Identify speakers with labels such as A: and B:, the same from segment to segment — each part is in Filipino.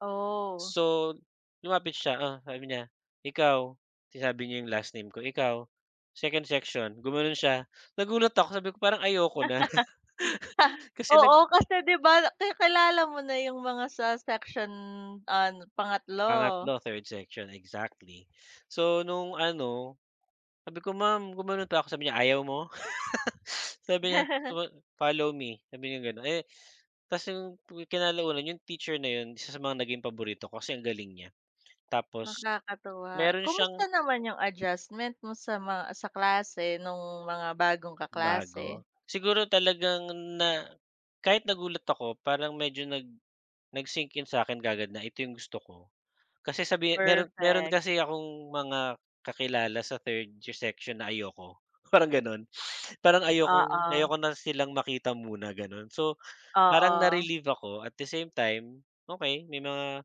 A: Oh.
B: So, lumapit siya, sabi niya, "ikaw," sinabi niya yung last name ko, "ikaw, second section," gumano'n siya. Nagulat ako, sabi ko parang ayoko na kasi nag
A: Oo, kasi 'di ba kakilala mo na yung mga sa section, ah, n pangatlo?
B: Pangatlo, third section, exactly. So, nong ano, sabi ko, "Ma'am," gumano'n talaga ako, sabi niya, "ayaw mo?" Sabi niya, guma "follow me," sabi niyang gano'n, eh, tapos yung kinalaunan yung teacher na 'yon isa sa mga naging paborito ko kasi ang galing niya. Tapos
A: Nakakatuwa,
B: meron
A: kumusta
B: siyang
A: naman yung adjustment mo sa mga sa klase, nung mga bagong kaklase?
B: Bago? Siguro talagang na kahit nagulat ako parang medyo nag nag-sink in sa'kin kaagad na ito yung gusto ko. Kasi sabihin meron meron
A: Perfect.
B: kasi akong mga kakilala sa third yung section na ayoko, parang gano'n, parang ayokong
A: Oo.
B: ayoko na silang makita muna, gano'n. So, parang
A: Oo.
B: na-relieve ako at the same time okey may mga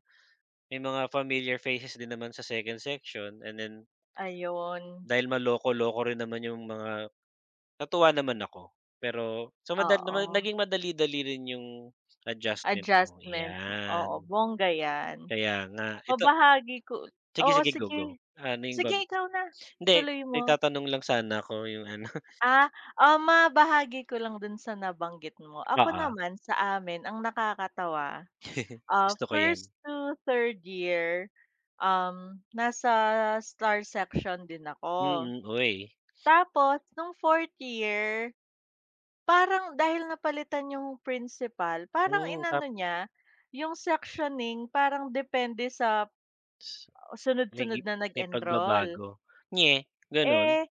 B: may mga familiar faces din naman sa second section and then
A: Ayun.
B: dahil maloko-loko rin naman yung mga natuwa naman ako pero sa madali naman
A: Oo.
B: naging madali dali rin yung adjustment ko,
A: Adjustment, oo,
B: 'yan.
A: bongga 'yan.
B: Kaya nga, ito
A: Mabahagi ko oo,
B: Sige-sige,
A: sige.
B: go-go, ano yung ba
A: Sige ikaw na,
B: hindi
A: tuloy
B: may
A: mo.
B: itatanong lang sana ako yung ano.
A: Ah, um, mabahagi ko lang do'n sa nabanggit mo. Ako
B: Oo.
A: naman sa amin ang nakakatawa, ah,
B: Gusto ko 'yan
A: first to third year, um, nasa star section din ako
B: Mm, uy.
A: tapos no'ng fourth year parang dahil napalitan yung principal, parang
B: Hmm, tap
A: inano niya yung sectioning parang depende sa
B: S may gi
A: sunod-sunod na
B: may
A: nag-enroll.
B: pagbabago, nge, gano'n?
A: Eh,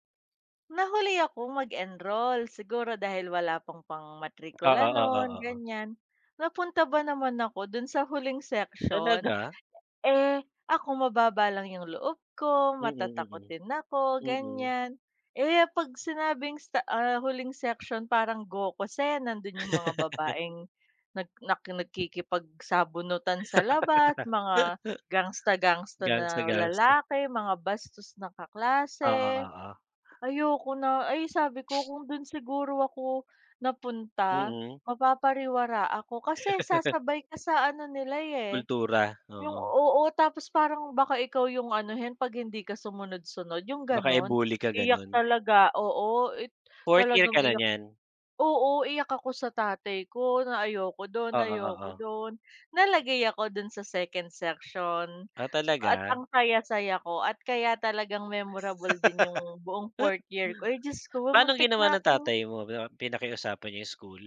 A: nahuli akong mag-enroll siguro dahil wala pang pang
B: Oo,
A: matrikula
B: oo,
A: no'n
B: oo.
A: ganiyan, napunta ba naman ako do'n sa huling section.
B: Talaga?
A: Eh, ako mababa lang yung loob ko,
B: Mm, mm,
A: matatakutin ako,
B: mm.
A: ganiyan, eh 'pag sinabing sta, ah, huling section, parang Gokusen nando'n yung mga babaeng nag nakikipagsabunutan sa labas, mga gangster-gangster na
B: Gangster-gangster.
A: lalaki, mga bastos na
B: Oo,
A: kaklase.
B: oo.
A: Ayoko na, ay, sabi ko kung doon siguro ako napunta
B: Mm.
A: mapapariwara ako kasi sasabay ka sa ano nila eh
B: Kultura,
A: yung
B: oo.
A: oo, tapos parang baka ikaw yung anuhin 'pag hindi ka sumunod-sunod yung
B: Baka
A: gano'n.
B: i-bully ka,
A: Iyak
B: gano'n?
A: talaga, oo, i
B: Fourth year
A: talagang
B: ka na
A: iyak,
B: niyan?
A: oo, iyak ako sa tatay ko na ayoko do'n
B: Oo,
A: ayoko
B: oo.
A: do'n, nalagay ako do'n sa second section
B: Ah,
A: at
B: talaga?
A: ang saya-saya ko at kaya talagang memorable din yung buong fourth year ko, ay, Diyos ko
B: Paanong
A: muntik
B: ginawa
A: na
B: ng
A: akong
B: tatay mo, pina pinakiusapan yung school?